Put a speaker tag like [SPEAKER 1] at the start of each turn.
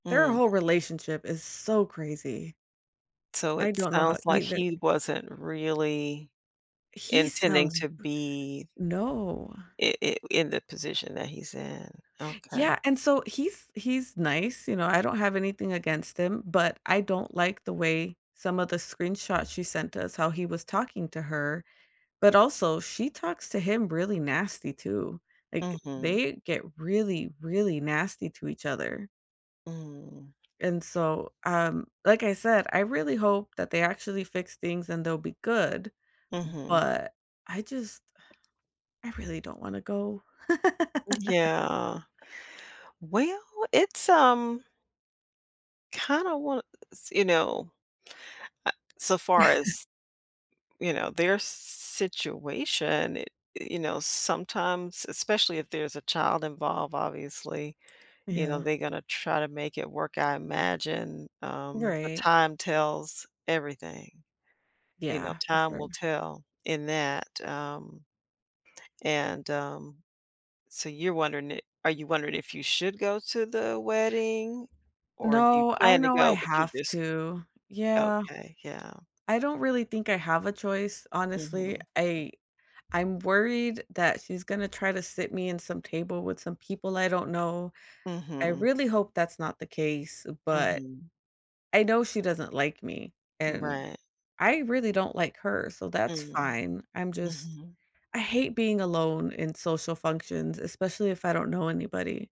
[SPEAKER 1] Their
[SPEAKER 2] Mm.
[SPEAKER 1] whole relationship is so crazy.
[SPEAKER 2] So
[SPEAKER 1] I
[SPEAKER 2] it
[SPEAKER 1] don't know how
[SPEAKER 2] sounds like
[SPEAKER 1] either.
[SPEAKER 2] he wasn't really
[SPEAKER 1] He
[SPEAKER 2] intending
[SPEAKER 1] sounds
[SPEAKER 2] to be
[SPEAKER 1] No.
[SPEAKER 2] i i in the position that he's in. Okay.
[SPEAKER 1] Yeah, and so he's he's nice, you know, I don't have anything against him, but I don't like the way some of the screenshots she sent us, how he was talking to her. But also, she talks to him really nasty too. Like,
[SPEAKER 2] Mhm.
[SPEAKER 1] they get really, really nasty to each other.
[SPEAKER 2] Mhm.
[SPEAKER 1] And so, um, like I said, I really hope that they actually fix things and they'll be good,
[SPEAKER 2] Mhm.
[SPEAKER 1] but I just I really don't wanna go.
[SPEAKER 2] Yeah. Well, it's, um kinda wanna s you know, uh, so far as, you know, their s s situation, i i you know, sometimes, especially if there's a child involved, obviously, you know,
[SPEAKER 1] Yeah.
[SPEAKER 2] they're gonna try to make it work, I imagine, um, but
[SPEAKER 1] Right.
[SPEAKER 2] time tells everything. You know,
[SPEAKER 1] Yeah. For
[SPEAKER 2] time
[SPEAKER 1] sure.
[SPEAKER 2] will tell in that, um and, um, so you're wondering i are you wondering if you should go to the wedding or you
[SPEAKER 1] No, I
[SPEAKER 2] plan to
[SPEAKER 1] know I
[SPEAKER 2] go, but you're
[SPEAKER 1] have
[SPEAKER 2] just
[SPEAKER 1] to. Yeah.
[SPEAKER 2] okay, yeah.
[SPEAKER 1] I don't really think I have a choice, honestly.
[SPEAKER 2] Mhm.
[SPEAKER 1] I I'm worried that she's gonna try to sit me in some table with some people I don't know. I
[SPEAKER 2] Mhm.
[SPEAKER 1] really hope that's not the case, but
[SPEAKER 2] Mhm.
[SPEAKER 1] I know she doesn't like me, and
[SPEAKER 2] Right.
[SPEAKER 1] I really don't like her, so that's
[SPEAKER 2] Mm,
[SPEAKER 1] fine. I'm just
[SPEAKER 2] mhm.
[SPEAKER 1] I hate being alone in social functions, especially if I don't know anybody.